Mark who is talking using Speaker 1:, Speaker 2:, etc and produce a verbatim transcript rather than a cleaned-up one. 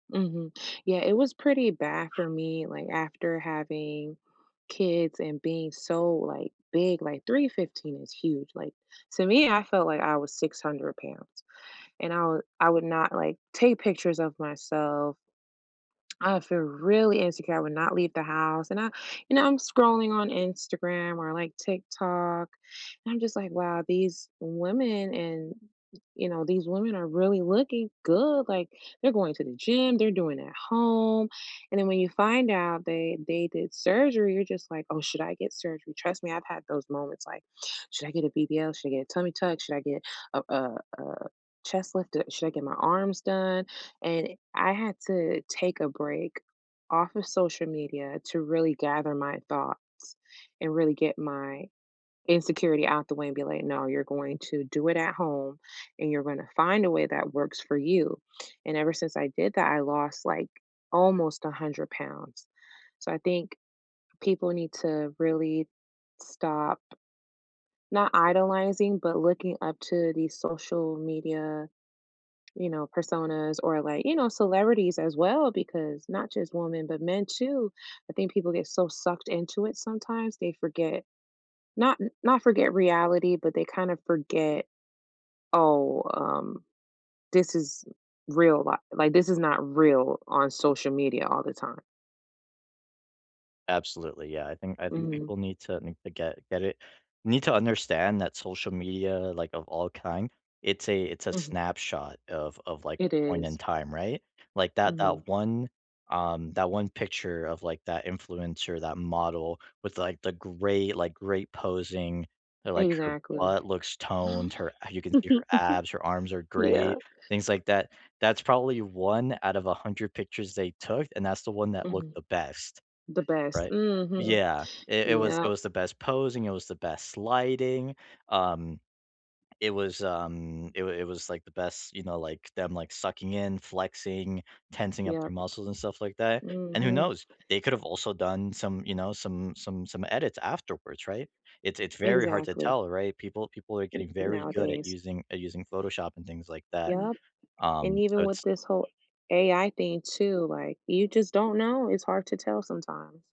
Speaker 1: Mhm. Yeah, it was pretty bad for me, like, after having kids and being so, like, big, like, three fifteen is huge. Like, to me, I felt like I was six hundred pounds, and I would I would not, like, take pictures of myself. I would feel really insecure, I would not leave the house, and I you know, I'm scrolling on Instagram or like TikTok, and I'm just like, "Wow, these women, and" you know, these women are really looking good. Like, they're going to the gym, they're doing it at home. And then, when you find out that they did surgery, you're just like, "Oh, should I get surgery?" Trust me, I've had those moments, like, "Should I get a BBL? Should I get a tummy tuck? Should I get a a a chest lifted? Should I get my arms done?" And I had to take a break off of social media to really gather my thoughts and really get my insecurity out the way and be like, "No, you're going to do it at home, and you're gonna find a way that works for you." And ever since I did that, I lost, like, almost a hundred pounds. So, I think people need to really stop not idolizing, but looking up to these social media, you know, personas or, like, you know, celebrities as well, because not just women but men too. I think people get so sucked into it sometimes they forget not not forget reality, but they kinda forget, "Oh, um, this is real li like, this is not real on social media all the time."
Speaker 2: Absolutely, yeah. I think I think
Speaker 1: Mhm.
Speaker 2: people need to need to get get it need to understand that social media, like, of all kind, it's a it's a
Speaker 1: Mhm.
Speaker 2: snapshot of of, like,
Speaker 1: It
Speaker 2: a point in
Speaker 1: is.
Speaker 2: time, right? Like, that
Speaker 1: Mhm.
Speaker 2: that one, um, that one picture of, like, that influencer, that model with, like, the great, like, great posing, where, like, her
Speaker 1: Exactly.
Speaker 2: butt looks toned, her uh, you can see her abs, her arms are
Speaker 1: Yeah.
Speaker 2: great, things like that. That's probably one out of a hundred pictures they took, and that's the one that looked
Speaker 1: Mhm.
Speaker 2: the best,
Speaker 1: The best.
Speaker 2: right?
Speaker 1: Mhm.
Speaker 2: Yeah. It it was it
Speaker 1: Yep.
Speaker 2: was the best posing, it was the best lighting. Um, it was, um, it was it was like the best you know, like, them, like, sucking in, flexing, tensing up their
Speaker 1: Yep.
Speaker 2: muscles and stuff like that. And, who
Speaker 1: Mhm.
Speaker 2: knows? They could've also done some, you know, some some some edits afterwards, right? It's it's very hard to
Speaker 1: Exactly.
Speaker 2: tell, right? People people are
Speaker 1: N
Speaker 2: getting very good at
Speaker 1: nowadays.
Speaker 2: using at using Photoshop and things like that.
Speaker 1: Yep, and
Speaker 2: Um, so
Speaker 1: even with
Speaker 2: it's
Speaker 1: this whole AI thing, too, like, you just don't know. It's hard to tell sometimes.